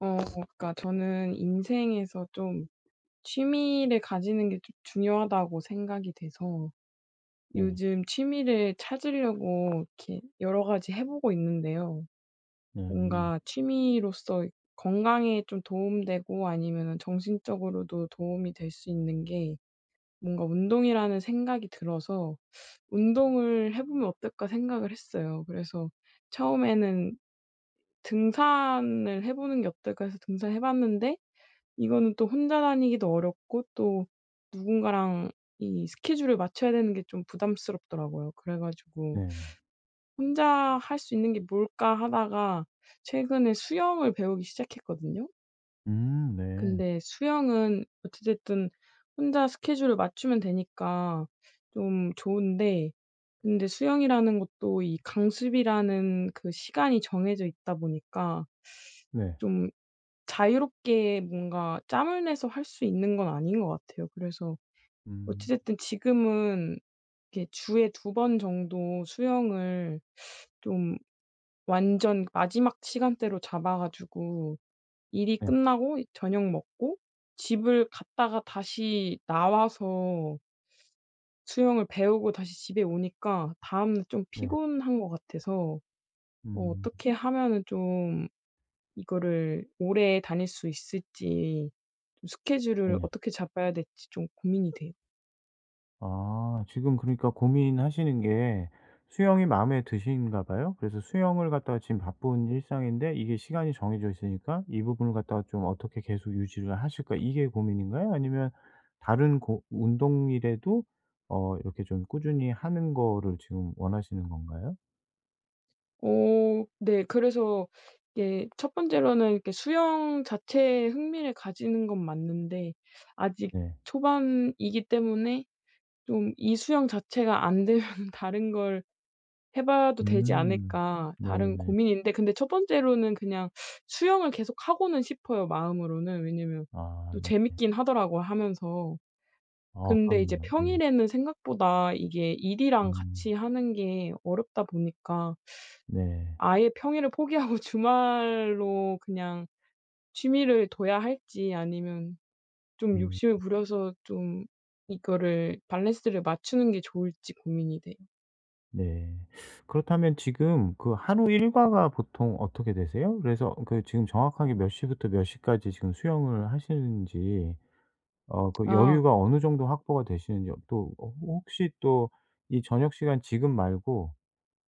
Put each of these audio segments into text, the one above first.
어 그니까 저는 인생에서 좀 취미를 가지는 게 좀 중요하다고 생각이 돼서 네. 요즘 취미를 찾으려고 이렇게 여러 가지 해 보고 있는데요. 네. 뭔가 취미로서 건강에 좀 도움 되고 아니면은 정신적으로도 도움이 될 수 있는 게 뭔가 운동이라는 생각이 들어서 '운동을 해보면 어떨까?' 생각을 했어요. 그래서 처음에는 '등산을 해 보는 게 어떨까?' 해서 등산해 봤는데 이거는 또 혼자 다니기도 어렵고 또 누군가랑 이 스케줄을 맞춰야 되는 게 좀 부담스럽더라고요. 그래 가지고 네. '혼자 할 수 있는 게 뭘까?' 하다가 최근에 수영을 배우기 시작했거든요. 음 네. 근데 수영은 어찌 됐든 혼자 스케줄을 맞추면 되니까 좀 좋은데 근데 수영이라는 것도 이 강습이라는 그 시간이 정해져 있다 보니까 네. 좀 자유롭게 뭔가 짬을 내서 할 수 있는 건 아닌 것 같아요. 그래서 음. 어찌 됐든 지금은 이렇게 주에 2 번 정도 수영을 좀 완전 마지막 시간대로 잡아 가지고 일이 네. 끝나고 저녁 먹고 집을 갔다가 다시 나와서 수영을 배우고 다시 집에 오니까 다음날 좀 네. 피곤한 것 같아서 어 음. 어떻게 하면은 좀 이거를 오래 다닐 수 있을지 좀 스케줄을 네. 어떻게 잡아야 될지 좀 고민이 돼요. 아 지금 그러니까 고민하시는 게 수영이 마음에 드신가 봐요? 그래서 수영을 갖다가 지금 바쁜 일상인데 이게 시간이 정해져 있으니까 이 부분을 갖다가 좀 어떻게 계속 유지를 하실까 이게 고민인가요? 아니면 다른 고 운동이라도 어 이렇게 좀 꾸준히 하는 거를 지금 원하시는 건가요? 어 네. 그래서 이게 1 번째로는 그 수영 자체에 흥미를 가지는 건 맞는데 아직 네. 초반이기 때문에 좀 '이 수영 자체가 안되면은 다른 걸 해 봐도 되지 음. 않을까?' 다른 네네. 고민인데 근데 1 번째로는 그냥 수영을 계속하고는 싶어요 마음으로는. 왜냐면 아 또 네. 재밌기는 하더라고요 하면서. 아 근데 이제 그럼요. 예. 평일에는 생각보다 이게 일이랑 음. 같이 하는 게 어렵다 보니까 네. 아예 평일을 포기하고 주말로 그냥 취미를 둬야 할지 아니면 좀 음. 욕심을 부려서 좀 이거를 밸런스를 맞추는 게 좋을지 고민이 돼요. 네. 그렇다면 지금 그 하루 일과가 보통 어떻게 되세요? 그래서 그 지금 정확하게 몇 시부터 몇 시까지 지금 수영을 하시는지 어 그 아. 여유가 어느 정도 확보가 되시는지 어 또 어 호 혹시 또 이 저녁 시간 지금 말고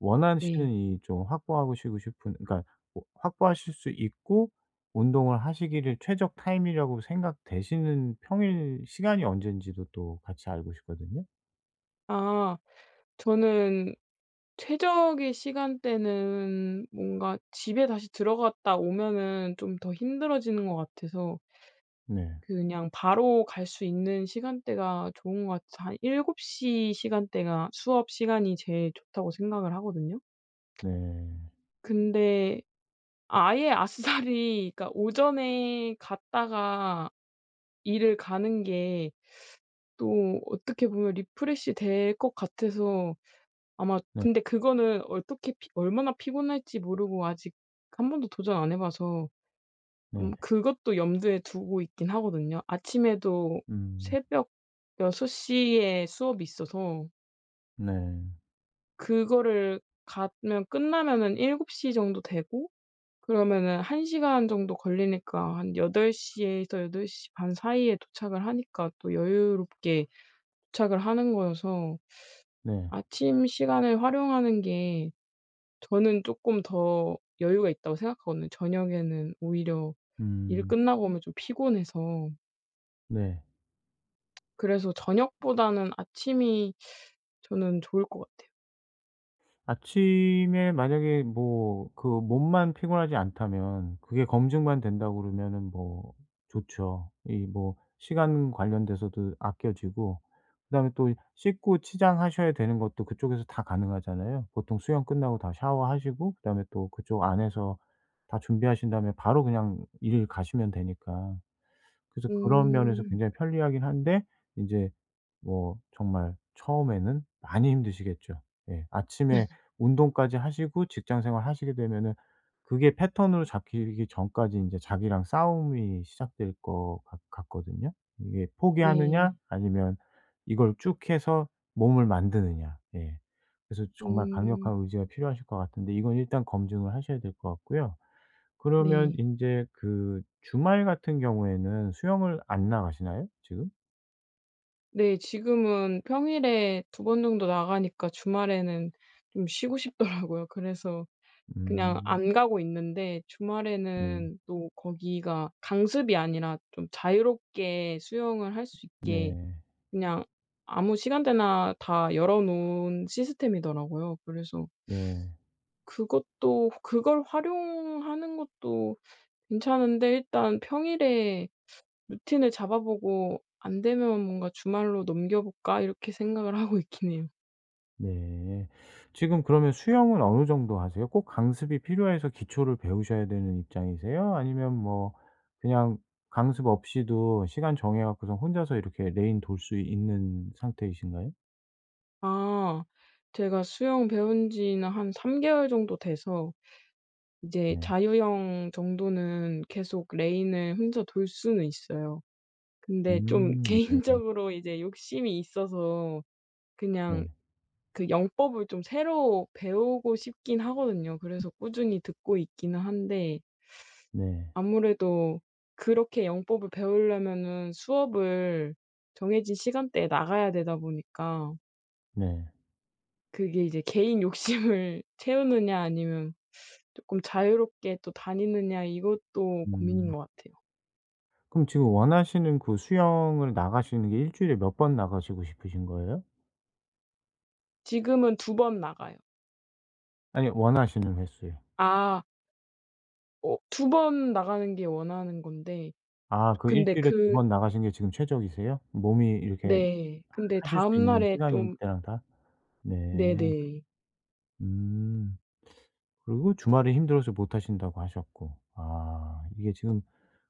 원하시는 네. 이 좀 확보하시고 싶은 그러니까 뭐 확보하실 수 있고 운동을 하시기를 최적 타임이라고 생각되시는 평일 시간이 언제인지도 또 같이 알고 싶거든요. 아. 저는 최적의 시간대는 뭔가 집에 다시 들어갔다 오면은 좀 더 힘들어지는 것 같아서 네. 그냥 바로 갈 수 있는 시간대가 좋은 것 같아서 한 7 시 시간대가 수업 시간이 제일 좋다고 생각을 하거든요. 네. 근데 아예 아싸리 그러니까 오전에 갔다가 일을 가는 게 또 어떻게 보면 리프레시 될 것 같아서 아마 네. 근데 그거는 어떻게 피 얼마나 피곤할지 모르고 아직 1 번도 도전 안 해 봐서 음 네. 그것도 염두에 두고 있기는 하거든요. 아침에도 음. 새벽 6 시에 수업이 있어서 네. 그거를 가면 끝나면은 7:00 정도 되고 그러면은 1 시간 정도 걸리니까 한 8:00 에서 8:30 사이에 도착을 하니까 또 여유롭게 도착을 하는 거여서 네. 아침 시간을 활용하는 게 저는 쪼끔 더 여유가 있다고 생각하거든요. 저녁에는 오히려 일 음. 끝나고 오면 좀 피곤해서 네. 그래서 저녁보다는 아침이 저는 좋을 거 같아요. 아침에 만약에 뭐 그 몸만 피곤하지 않다면 그게 검증만 된다고 그러면은 뭐 좋죠. 이 뭐 시간 관련돼서도 아껴지고 그다음에 또 이 씻고 치장하셔야 되는 것도 그쪽에서 다 가능하잖아요. 보통 수영 끝나고 다 샤워하시고 그다음에 또 그쪽 안에서 다 준비하신 다음에 바로 그냥 일을 가시면 되니까. 그래서 그런 면에서 음. 굉장히 편리하기는 한데 인제 뭐 정말 처음에는 많이 힘드시겠죠. 예. 아침에 운동까지 하시고 직장 생활하시게 되면은 그게 패턴으로 잡히기 전까지 인제 자기랑 싸움이 시작될 것 같 같거든요? 이게 포기하느냐 네. 아니면 이걸 쭉 해서 몸을 만드느냐 네. 그래서 정말 강력한 음. 의지가 필요하실 것 같은데 이건 일단 검증을 하셔야 될 것 같고요. 그러면 네. 인제 그 주말 같은 경우에는 수영을 안 나가시나요 지금? 네 지금은 평일에 2 번정도 나가니까 주말에는 좀 쉬고 싶더라고요. 그래서 그냥 음. 안 가고 있는데 네. 주말에는 또 거기가 강습이 아니라 좀 자유롭게 수영을 할 수 있게 네. 그냥 아무 시간대나 다 열어 놓은 시스템이더라고요. 그래서 네. 그것도 그걸 활용하는 것도 괜찮은데 일단 평일에 루틴을 잡아보고 '안 되면 뭔가 주말로 넘겨볼까?' 이렇게 생각을 하고 있기는 해요. 네. 지금 그러면 수영은 어느 정도 하세요? 꼭 강습이 필요해서 기초를 배우셔야 되는 입장이세요 아니면 뭐 그냥 강습 없이도 시간 정해 갖고서 혼자서 이렇게 레인 돌 수 있는 상태이신가요? 아 제가 수영 배운 지는 한 3 개월 정도 돼서 이제 네. 자유형 정도는 계속 레인을 혼자 돌 수는 있어요. 근데 좀 음 네. 개인적으로 이제 욕심이 있어서 그냥 네. 그 영법을 좀 새로 배우고 싶기는 하거든요. 그래서 꾸준히 듣고 있기는 한데 네. 아무래도 그렇게 영법을 배울려면은 수업을 정해진 시간대에 나가야 되다 보니까 네. 그게 이제 '개인 욕심을 채우느냐 아니면 쪼끔 자유롭게 또 다니느냐?' 이것도 고민인 음. 것 같아요. 그럼 지금 원하시는 그 수영을 나가시는 게 1 주일에 몇 번 나가시고 싶으신 거예요? 지금은 2 번 나가요. 아니요. 원하시는 횟수요. 아. 어 2 번 나가는 게 원하는 건데 아 그 1 근데 주일에 2 그 번 나가신 게 지금 최적이세요? 몸이 이렇게 네 근데 하실 수 있는 다음날에 시간인 좀 때랑 다? 네. 네네. 음. 그리고 주말에 힘들어서 못 하신다고 하셨고. 아 이게 지금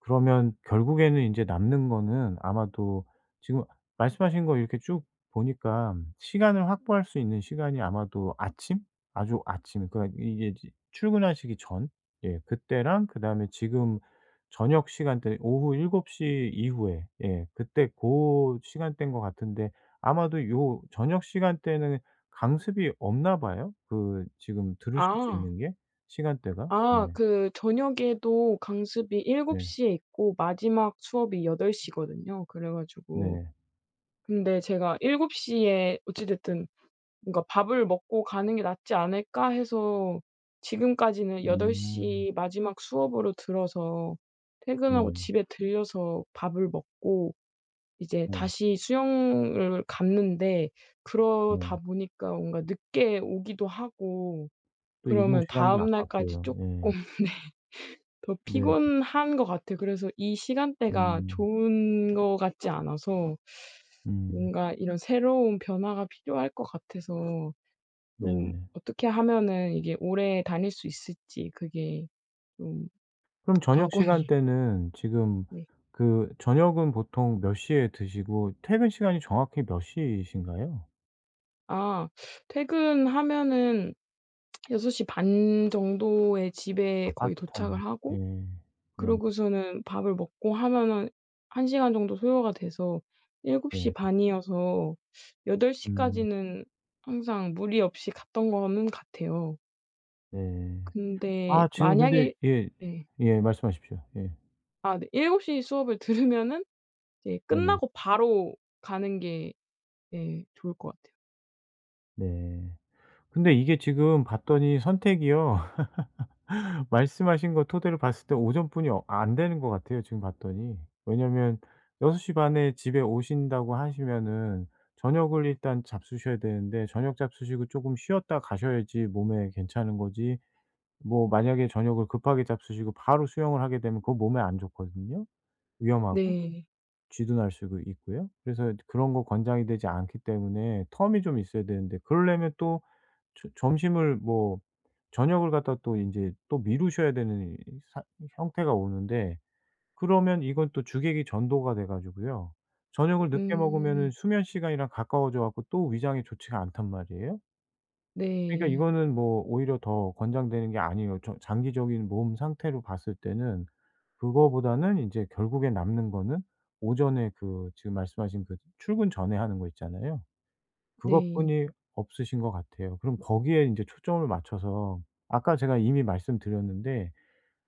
그러면 결국에는 인제 남는 거는 아마도 지금 말씀하신 거 이렇게 쭉 보니까 시간을 확보할 수 있는 시간이 아마도 아침? 아주 아침 그러니까 이게 지 출근하시기 전 예 그때랑 그다음에 지금 저녁 시간대는 오후 7 시 이후에 예 그때 고 시간대인 것 같은데 아마도 요 저녁 시간대는 강습이 없나 봐요, 그 지금 들으실 수 아. 있는 게 시간대가? 예. 아 그 저녁에도 강습이 7 네. 시에 있고 마지막 수업이 8 시거든요. 그래 가지고 네. 근데 제가 '7 시에 어찌 됐든 뭔가 밥을 먹고 가는 게 낫지 않을까?' 해서 지금까지는 8 음. 시 마지막 수업으로 들어서 퇴근하고 네. 집에 들러서 밥을 먹고 이제 네. 다시 수영을 갔는데 그러다 네. 보니까 뭔가 늦게 오기도 하고 또 이동 그러면 시간도 다음날까지 아깝고요. 쪼끔 예. 네 더 네. 피곤한 거 같아요. 그래서 이 시간대가 음. 좋은 거 같지 않아서 음. 뭔가 이런 새로운 변화가 필요할 것 같아서 좀 네. 어떻게 하면은 이게 오래 다닐 수 있을지 그게 좀 그럼 저녁 관건이예 시간대는 지금 네. 그 저녁은 보통 몇 시에 드시고 퇴근 시간이 정확히 몇 시이신가요? 아. 퇴근하면은 6 시 반 정도에 집에 아파트 거의 도착을 단 예. 하고 네. 그러고서는 밥을 먹고 하면은 1 시간 정도 소요가 돼서 7 시 네. 반이어서 8 음. 시까지는 항상 무리 없이 갔던 거는 같아요. 네. 근데 아 지금 근데 만약에 예. 예. 예. 말씀하십시오. 예. 아 네 7 시 수업을 들으면은 이제 네. 끝나고 바로 가는 게 예 좋을 것 같아요. 네. 근데 이게 지금 봤더니 선택이요 말씀하신 거 토대로 봤을 때 오전뿐이 어 안 되는 것 같아요 지금 봤더니. 왜냐하면 6 시 반에 집에 오신다고 하시면은 저녁을 일단 잡수셔야 되는데 저녁 잡수시고 쪼금 쉬었다 가셔야지 몸에 괜찮은 거지 뭐 만약에 저녁을 급하게 잡수시고 바로 수영을 하게 되면 그건 몸에 안 좋거든요 위험하고. 네. 쥐도 날 수도 있고요. 그래서 인제 그런 거 권장이 되지 않기 때문에 텀이 좀 있어야 되는데 그러려면 또 저 점심을 뭐 저녁을 갖다가 또 인제 또 미루셔야 되는 이 사 이 형태가 오는데 그러면 이건 또 주객이 전도가 돼 가지고요. 저녁을 늦게 먹으면은 음. 수면 시간이랑 가까워져 갖고 또 위장이 좋지가 않단 말이에요? 그러니까 네. 이거는 뭐 오히려 더 권장되는 게 아니에요. 저 장기적인 몸 상태로 봤을 때는 그거보다는 인제 결국에 남는 거는 오전에 그 지금 말씀하신 그 출근 전에 하는 거 있잖아요. 네. 그것뿐이 없으신 것 같아요. 그럼 거기에 인제 초점을 맞춰서 아까 제가 이미 말씀드렸는데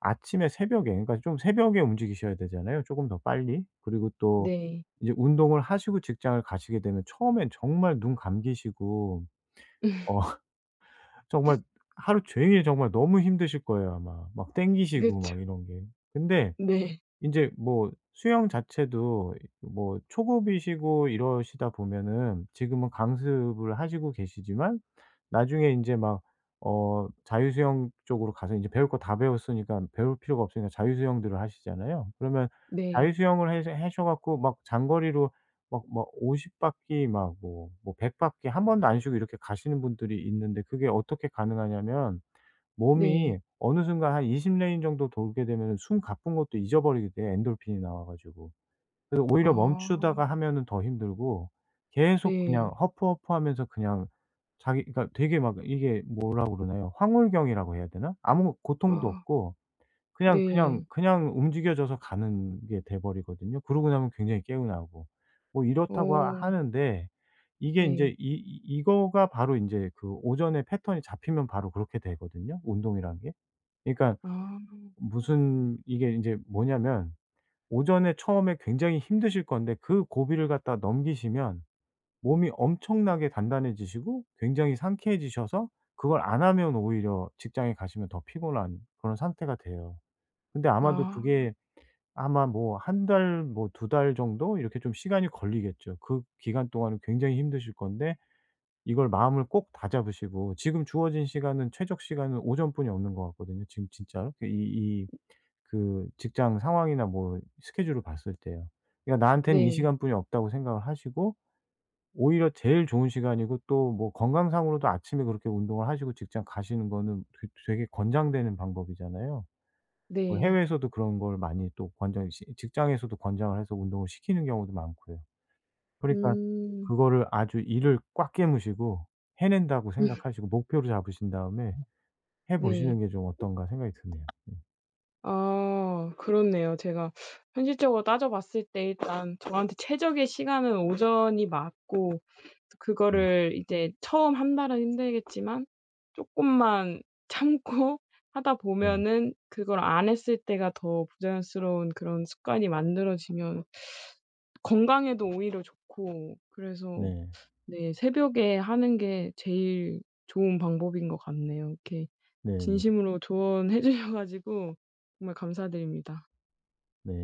아침에 새벽에 그러니까 좀 새벽에 움직이셔야 되잖아요 쪼금 더 빨리. 그리고 또 네. 이제 운동을 하시고 직장을 가시게 되면 처음엔 정말 눈 감기시고 어 정말 하루 종일 정말 너무 힘드실 거예요 아마 막 땡기시고 그쵸. 막 이런 게. 근데 네. 인제 뭐 수영 자체도 이 뭐 초급이시고 이러시다 보면은 지금은 강습을 하시고 계시지만 나중에 인제 막 어 자유 수영 쪽으로 가서 이제 배울 거 다 배웠으니깐 배울 필요가 없으니까 자유 수영들을 하시잖아요. 그러면 자유 네. 수영을 해서 해셔 갖고 막 장거리로 막 막 50 바퀴 막 뭐 뭐 100 바퀴 1 번도 안 쉬고 이렇게 가시는 분들이 있는데 그게 어떻게 가능하냐면 네. 몸이 어느 순간 한 20 레인 정도 돌게 되면은 숨 가쁜 것도 잊어버리게 돼 엔도르핀이 나와 가지고. 그래 오히려 멈추다가 아. 하면은 더 힘들고 계속 그냥 네. 허푸 허푸 하면서 그냥 자기 그니까 되게 막 이게 뭐라 그러나요? 황홀경이라고 해야 되나? 아무 고통도 아. 없고 그냥, 그냥, 네. 그냥 움직여져서 가는 게 돼 버리거든요 그러고 나면 굉장히 개운하고. 뭐 이렇다고 어. 하는데 이게 인제 네. 이 이 이거가 바로 인제 그 오전의 패턴이 잡히면 바로 그렇게 되거든요 운동이란 게. 그러니깐 아. 무슨 이게 인제 뭐냐면 오전에 처음에 굉장히 힘드실 건데 그 고비를 갖다 넘기시면 몸이 엄청나게 단단해지시고 굉장히 상쾌해지셔서 그걸 안 하면 오히려 직장에 가시면 더 피곤한 그런 상태가 돼요. 근데 아마도 아. 그게 아마 뭐 1 달 뭐 2 달 정도 이렇게 좀 시간이 걸리겠죠. 그 기간 동안은 굉장히 힘드실 건데 이걸 마음을 꼭 다잡으시고 지금 주어진 시간은 최적 시간은 오전뿐이 없는 것 같거든요 지금 진짜로. 그 이 이 그 직장 상황이나 뭐 스케줄을 봤을 때요. 그니까 '나한텐 이 네. 시간뿐이 없다.'고 생각을 하시고 오히려 제일 좋은 시간이고 또 뭐 건강 상으로도 아침에 그렇게 운동을 하시고 직장 가시는 거는 되 되게 권장되는 방법이잖아요. 뭐 네. 해외에서도 그런 걸 많이 또 권장 시 직장에서도 권장을 해서 운동을 시키는 경우도 많고요. 그러니까 음. 그거를 아주 이를 꽉 깨무시고 해낸다고 생각하시고 목표로 잡으신 다음에 해 네. 보시는 게 좀 어떤가 생각이 드네요. 예. 아 그렇네요. 제가 현실적으로 따져 봤을 때 일단 저한테 최적의 시간은 오전이 맞고 음. 그거를 이제 처음 1 달은 힘들겠지만 쪼끔만 참고 하다 네. 보면은 그걸 안 했을 때가 더 부자연스러운 그런 습관이 만들어지면 건강에도 오히려 좋고 그래서 네. 네 새벽에 하는 게 제일 좋은 방법인 것 같네요. 이렇게 네네. 진심으로 조언해 주셔 가지고 정말 감사드립니다. 네.